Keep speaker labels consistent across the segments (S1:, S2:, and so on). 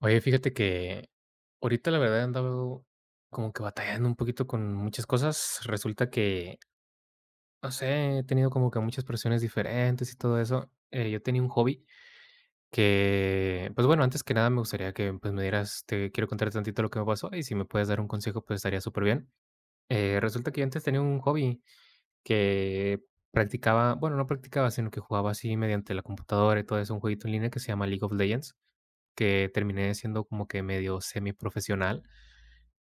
S1: Oye, fíjate que ahorita la verdad he andado como que batallando un poquito con muchas cosas, resulta que, no sé, he tenido como que muchas presiones diferentes y todo eso, eh, yo tenía un hobby. Que pues bueno, antes que nada me gustaría que pues me dieras. Te quiero contar tantito lo que me pasó y si me puedes dar un consejo, pues estaría superbien, eh, resulta que yo antes tenía un hobby que practicaba. Bueno, no practicaba, sino que jugaba así mediante la computadora y todo eso un jueguito en línea que se llama League of Legends, que terminé siendo como que medio semi profesional,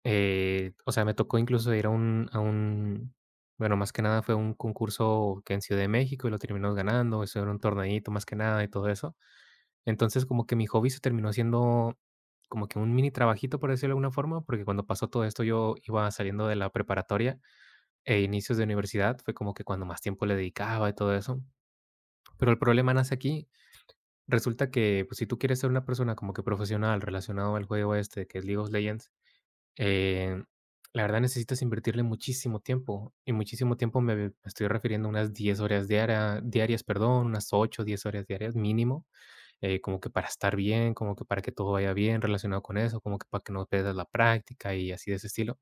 S1: eh, o sea, me tocó incluso ir a un a un bueno, más que nada fue un concurso que fue en Ciudad de México y lo terminó ganando. Eso era un torneíto más que nada y todo eso. Entonces como que mi hobby se terminó siendo como que un mini trabajito, por decirlo de alguna forma, porque cuando pasó todo esto yo iba saliendo de la preparatoria e inicios de universidad, fue como que cuando más tiempo le dedicaba y todo eso, pero el problema nace aquí. Resulta que pues si tú quieres ser una persona como que profesional relacionado al juego este que es League of Legends, eh, la verdad necesitas invertirle muchísimo tiempo y muchísimo tiempo. Me me estoy refiriendo a unas 10 horas diarias diarias, perdón, unas 8 o 10 horas diarias mínimo, eh, como que para estar bien, como que para que todo vaya bien relacionado con eso, como que para que no pierdas la práctica y así de ese estilo.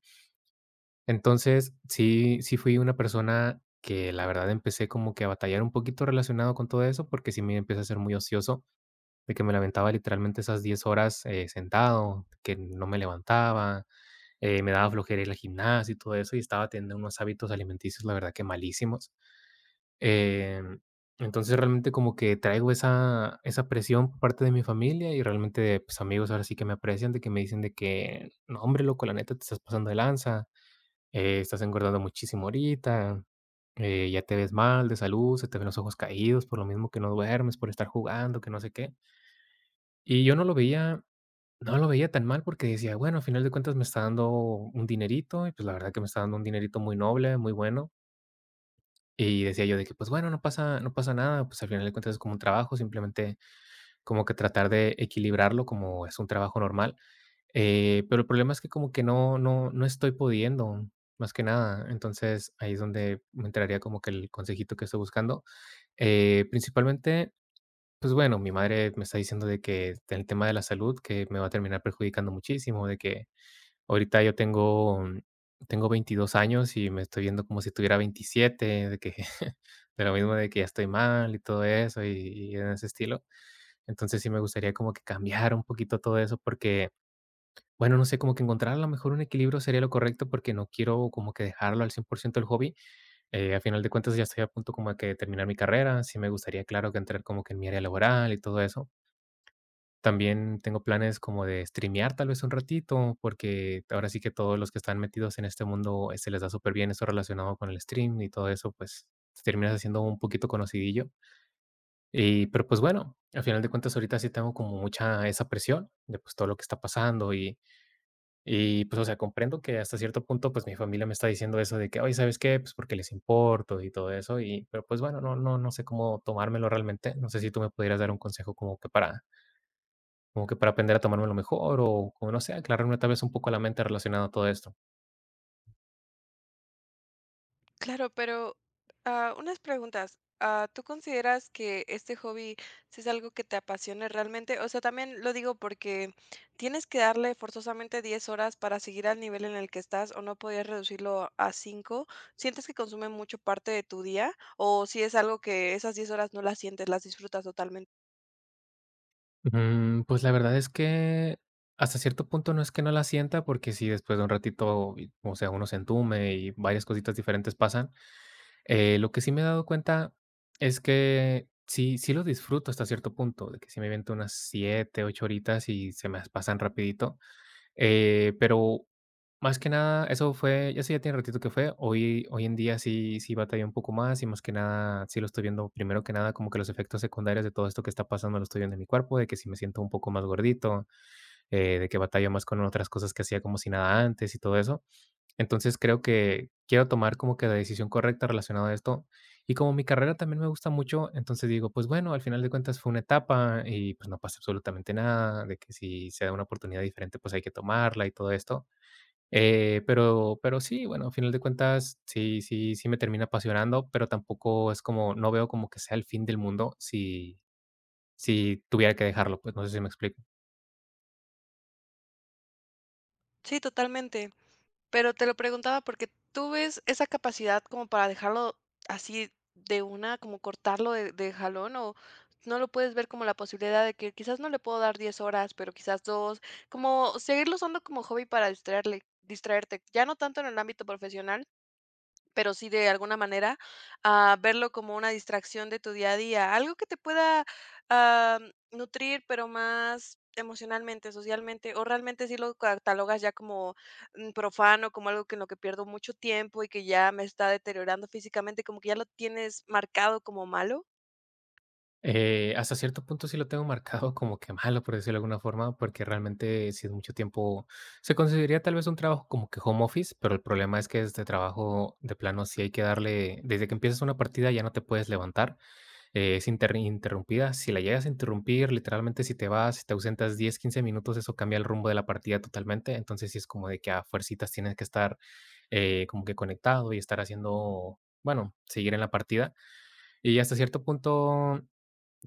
S1: Entonces sí, sí, fui una persona que la verdad empecé como que a batallar un poquito relacionado con todo eso porque sí me empieza a ser muy ocioso de que me lamentaba literalmente esas 10 horas, eh, sentado, que no me levantaba, eh, me daba flojera ir al gimnasio y todo eso y estaba teniendo unos hábitos alimenticios, la verdad que malísimos, em, entonces realmente como que traigo esa esa presión por parte de mi familia y realmente pues amigos, ahora sí que me aprecian, de que me dicen de que no, hombre loco, la neta, te estás pasando de lanza. Eh, estás engordando muchísimo ahorita, eh, ya te ves mal de salud. Se te ven los ojos caídos por lo mismo que no duermes por estar jugando, que no sé qué y yo no lo veía. No lo veía tan mal porque decía, bueno, al final de cuentas me está dando un dinerito y pues la verdad que me está dando un dinerito muy noble, muy bueno y decía yo de que pues bueno, no pasa no pasa nada, pues al final de cuentas es como un trabajo, simplemente como que tratar de equilibrarlo como es un trabajo normal, eh, pero el problema es que como que no no no estoy pudiendo más que nada. Entonces ahí es donde me entraría como que el consejito que estoy buscando, eh, principalmente, pues bueno, mi madre me está diciendo de que el tema de la salud, que me va a terminar perjudicando muchísimo, de que ahorita yo tengo tengo 22 años y me estoy viendo como si tuviera 27 de que de lo mismo de que estoy mal y todo eso y y en ese estilo. Entonces sí me gustaría como que cambiar un poquito todo eso porque bueno, no sé, como que encontrar a lo mejor un equilibrio sería lo correcto porque no quiero como que dejarlo al 100% el hobby, eh, al final de cuentas ya estoy a punto como de terminar mi carrera. Sí me gustaría, claro, que entrar como que en mi área laboral y todo eso. También tengo planes como de Streamear tal vez un ratito, porque ahora sí que todos los que están metidos en este mundo se les da super bien eso relacionado con el Stream y todo eso, pues terminas haciendo un poquito conocidillo. Y pero pues bueno, al final de cuentas, ahorita sí tengo como mucha esa presión de pues todo lo que está pasando y y pues, o sea, comprendo que hasta cierto punto, pues mi familia me está diciendo eso de que oye, ¿sabes qué? Pues porque les importo y todo eso, y pero pues bueno, no no no sé cómo tomármelo realmente. No sé si tú me pudieras dar un consejo como que para como que para aprender a tomarme lo mejor, o como, no sé, aclararme tal vez un poco la mente relacionada a todo esto.
S2: Claro, pero, ah, unas preguntas, ah, ¿tú consideras que este hobby si es algo que te apasione realmente? O sea, también lo digo porque, ¿tienes que darle, forzosamente, 10 horas para seguir al nivel en el que estás o no pudieras reducirlo a 5? ¿Sientes que consume mucho parte de tu día o si es algo, que esas 10 horas no las sientes, las disfrutas totalmente?
S1: Mm, pues, la verdad es que, hasta cierto punto, no es que no la sienta porque sí, después de un ratito, o sea, uno se entume y varias cositas diferentes pasan, eh, lo que sí me he dado cuenta es que sí sí lo disfruto, hasta cierto punto, de que sí me aviento unas siete, ocho horitas y se me pasan rapidito, eh, pero más que nada eso fue eso ya tiene un ratito que fue, hoy hoy en día, sí sí batallo un poco más, y más que nada, si lo estoy viendo, primero que nada, como que los efectos secundarios de todo esto que está pasando, lo estoy viendo en mi cuerpo, de que si me siento un poco más gordito, eh, de que batallo más con otras cosas que hacía como si nada antes y todo eso. Entonces, creo que quiero tomar como que la decisión correcta, relacionada a esto. Y como mi carrera también me gusta mucho, entonces digo: "Pues, bueno, al final de cuentas fue una etapa y, pues, no pasa absolutamente nada, de que si se da una oportunidad diferente, pues, hay que tomarla", y todo esto, eh, pero pero sí, bueno, al final de cuentas, sí sí sí me termina apasionando, pero tampoco es como no veo como que sea el fin del mundo si si tuviera que dejarlo, pues, no sé si me explico.
S2: Sí, totalmente. Pero te lo preguntaba, porque, ¿tú ves esa capacidad como para dejarlo así de una, como cortarlo de de jalón, o no lo puedes ver como la posibilidad de que, quizás, no le puedo dar 10 horas, pero, quizás, 2 como seguirlo usando como hobby para distraerle distraerte, ya no tanto en el ámbito profesional, pero sí, de alguna manera, ah, verlo como una distracción de tu día a día? Algo que te pueda, am, nutrir, pero más emocionalmente, socialmente, o realmente sí lo catalogas ya como, mm, profano, como algo que en lo que pierdo mucho tiempo, y que ya me está deteriorando físicamente, como que ya lo tienes marcado como malo.
S1: Eh, hasta cierto punto, sí lo tengo marcado como que malo, por decirlo de alguna forma, porque realmente si es mucho tiempo si conseguiría tal vez un trabajo como que home office, pero el problema es que este trabajo de plano si hay que darle desde que empiezas una partida ya no te puedes levantar. Es inter interrumpida, si la llegas a interrumpir, literalmente, si te vas, si te ausentas 10, 15 minutos, eso cambia el rumbo de la partida totalmente. Entonces, sí es como de que a fuercitas tienes que estar, eh, como que conectado, y estar haciendo, bueno seguir en la partida. Y hasta cierto punto,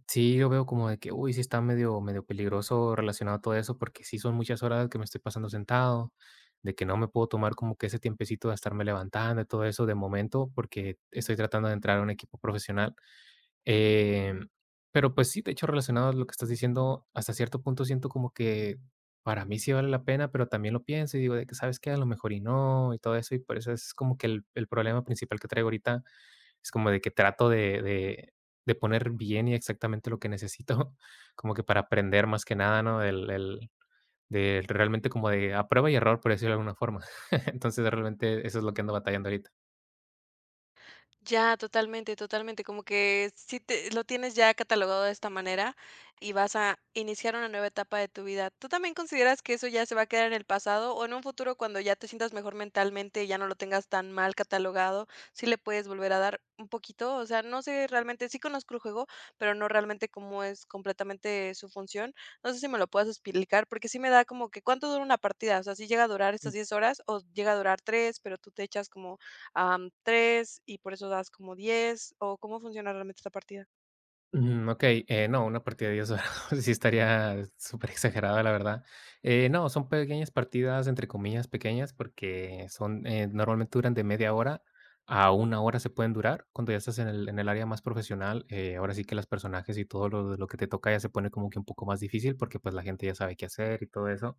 S1: sí, yo veo como de que, uy, sí está medio medio peligroso relacionado a todo eso, porque sí son muchas horas que me estoy pasando sentado. De que no me puedo tomar como que ese tiempecito de estarme levantando y todo eso de momento. Porque estoy tratando de entrar a un equipo profesional. Eh, pero, pues, sí, de hecho, relacionado a lo que estás diciendo, hasta cierto punto, siento como que, para mí, sí vale la pena, pero también lo pienso y digo de que: "¿Sabes qué?, a lo mejor y no, y todo eso". Y por eso es como que el el problema principal que traigo ahorita, es como de que trato de de de poner bien, y exactamente lo que necesito como que para aprender, más que nada, ¿no?, el el del de realmente, como de a prueba y error, por decirlo de alguna forma. Entonces, realmente, eso es lo que ando batallando ahorita.
S2: Ya, totalmente, totalmente, como que sí te lo tienes ya catalogado de esta manera, y vas a iniciar una nueva etapa de tu vida. ¿Tú también consideras que eso ya se va a quedar en el pasado, o en un futuro, cuando ya te sientas mejor mentalmente, y ya no lo tengas tan mal catalogado, sí le puedes volver a dar un poquito? O sea, no sé, realmente sí conozco el juego, pero no realmente como es completamente, su función. No sé, si me lo puedas explicar, porque sí me da como que ¿cuánto dura una partida? O sea, ¿si llega a durar estas 10 horas, o llega a durar 3, pero tú te echas como, am, 3 y por eso das como 10 o cómo funciona realmente esta partida?
S1: Ujú, okey, eh, no, una partida de 10 horas sí estaría superexagerada, la verdad. Eh, no son pequeñas partidas, entre comillas pequeñas, porque son, eh, normalmente duran de media hora a 1 hora, se pueden durar. Cuando ya estás en el en el área más profesional, eh, ahora sí que, las personajes, y todo lo lo que te toca ya se pone como que un poco más difícil, porque, pues, la gente ya sabe qué hacer y todo eso.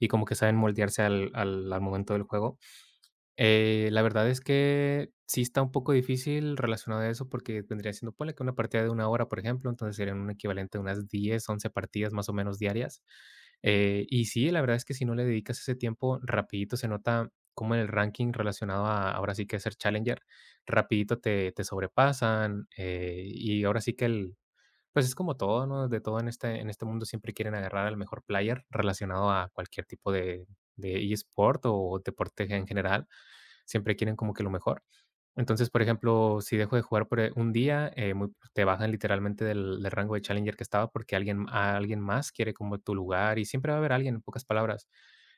S1: Y como que saben moldearse al al al momento del juego. Eh, la verdad es que sí está un poco difícil, relacionado a eso, porque vendría siendo, ponle que una partida de 1 hora, por ejemplo, entonces serían un equivalente a unas 10, 11 partidas, más o menos, diarias. Eh, y sí, la verdad es que si no le dedicas ese tiempo, rapidito se nota como en el ranking relacionado a, ahora sí que, ser challenger, rapidito te te sobrepasan, eh, y ahora sí que, el, pues, es como todo, ¿no?, de todo en este en este mundo, siempre quieren agarrar el mejor player, relacionado a cualquier tipo de de e-sport o deporte, en general. Siempre quieren como que lo mejor, entonces, por ejemplo, si dejo de jugar por, eh, un día, eh, muy te bajan, literalmente, del del rango de challenger que estaba, porque alguien a alguien más quiere como tu lugar. Y siempre va a haber alguien, en pocas palabras.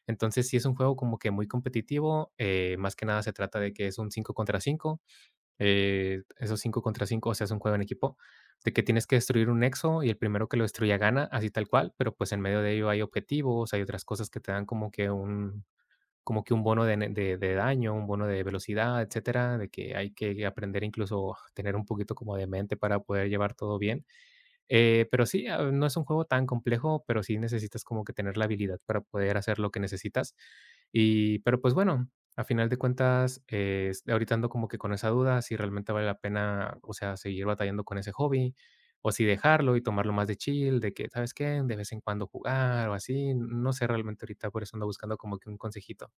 S1: Entonces, sí es un juego como que muy competitivo, eh, más que nada se trata de que es un 5 contra 5, eh, esos 5 contra 5, o sea, es un juego en equipo, de que tienes que destruir un nexo. Y el primero que lo destruya gana, así tal cual, pero, pues, en medio de ello, hay objetivos, hay otras cosas que te dan como que un como que un bono de ne de de daño, un bono de velocidad, etcétera, de que hay que aprender, incluso, a tener un poquito como de mente para poder llevar todo bien, eh, pero sí, am, no es un juego tan complejo, pero sí necesitas como que tener la habilidad para poder hacer lo que necesitas, y pero pues, bueno, al final de cuentas, es ahorita ando como que con esa duda, si realmente vale la pena, o sea, seguir batallando con ese hobby, o si dejarlo y tomarlo más de chill, de que, ¿sabes qué?, de vez en cuando jugar o así. N no sé realmente, ahorita, por eso, ando buscando como que un consejito.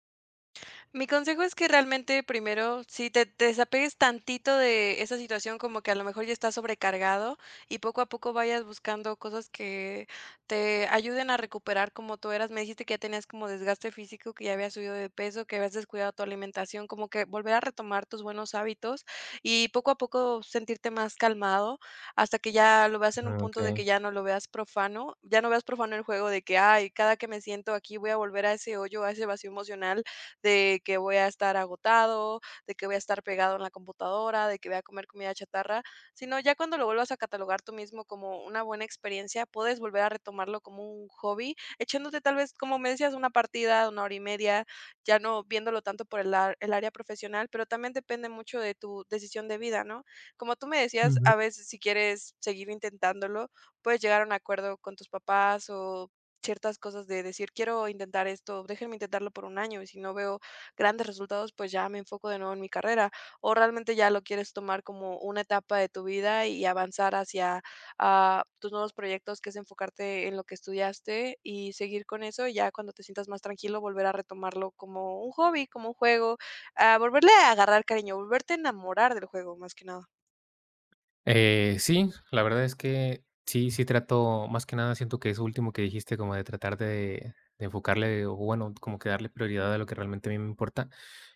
S2: Mi consejo es que realmente primero, si te te desapegues tantito de esa situación como que a lo mejor ya estás sobrecargado y poco a poco vayas buscando cosas que te ayuden a recuperar como tú eras, me dijiste que ya tenías como desgaste físico, que ya habías subido de peso, que habías descuidado tu alimentación, como que volver a retomar tus buenos hábitos y poco a poco sentirte más calmado hasta que ya lo veas en
S1: Ah,
S2: un punto de
S1: okey.
S2: que ya no lo veas profano ya no veas profano el juego de que: "Ay, cada que me siento aquí, voy a volver a ese hoyo a ese vacío emocional de que voy a estar agotado de que voy a estar pegado en la computadora de que voy a comer comida chatarra", sino ya cuando lo vuelvas a catalogar tú mismo como una buena experiencia, puedes volver a retomarlo como un hobby echándote tal vez como me decías una partida, una hora y media ya no viéndolo tanto por el a el área profesional, pero también depende mucho de tu decisión de vida, ¿no? Como tú me decías
S1: Ujú.
S2: a veces si quieres seguir intentándolo, puedes llegar a un acuerdo con tus papás o ciertas cosas de decir: "Quiero intentar esto. Déjenme intentarlo por un año. Y si no veo grandes resultados, pues ya me enfoco de nuevo en mi carrera", o realmente ya lo quieres tomar como una etapa de tu vida y avanzar hacia, ah, tus nuevos proyectos que es enfocarte en lo que estudiaste y seguir con eso y ya cuando te sientas más tranquilo, volver a retomarlo como un hobby, como un juego, ah, volverle a agarrar cariño, volverte a enamorar del juego, más que nada.
S1: Eh, sí, la verdad es que, sí, sí trato más que nada, siento que eso último que dijiste como de tratar de de enfocarle o bueno, como que darle prioridad a lo que realmente a mí me importa,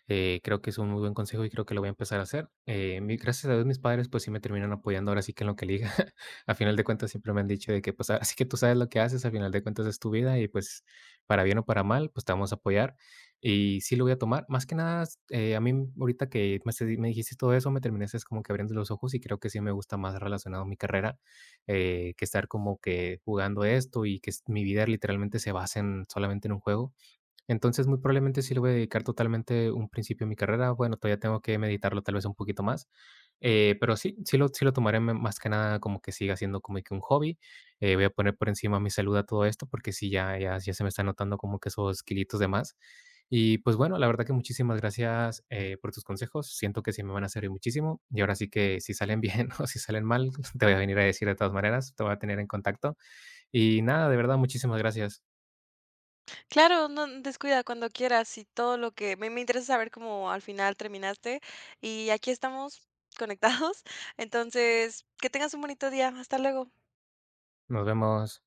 S1: eh, creo que es un muy buen consejo, y creo que lo voy a empezar a hacer. Eh, mi gracias a Dios mis padres, pues, sí me terminan apoyando ahora sí que en lo que elija. Al final de cuentas siempre me han dicho de que: "Pues, ahora sí que tú sabes lo que haces, al final de cuentas es tu vida, y pues, para bien o para mal, pues, te vamos a apoyar". Y sí lo voy a tomar más que nada, eh, a mí ahorita que me s me dijiste todo eso me terminaste como que abriendo los ojos, y creo que sí me gusta más relacionado mi carrera, eh, que estar como que jugando esto, y que s mi vida literalmente se base en solamente en un juego. Entonces, muy probablemente sí lo voy a dedicar totalmente un principio de mi carrera, bueno, todavía tengo que meditarlo tal vez un poquito más, eh, pero sí sí lo sí lo tomaré ma más que nada como que siga siendo como de que un hobby. Eh, voy a poner por encima mi salud a todo esto, porque sí ya ya ya se me está notando como que esos kilitos de más, y pues, bueno, la verdad que muchísimas gracias, eh, por tus consejos. Siento que sí me van a servir muchísimo, y ahora sí que si salen bien o si salen mal, te voy a venir a decir de todas maneras, te voy a tener en contacto y nada, de verdad, muchísimas gracias.
S2: Claro, no n descuida cuando quieras, y todo lo que a mí me interesa saber cómo al final terminaste. Y aquí estamos conectados, entonces, que tengas un bonito día. Hasta luego.
S1: Nos vemos.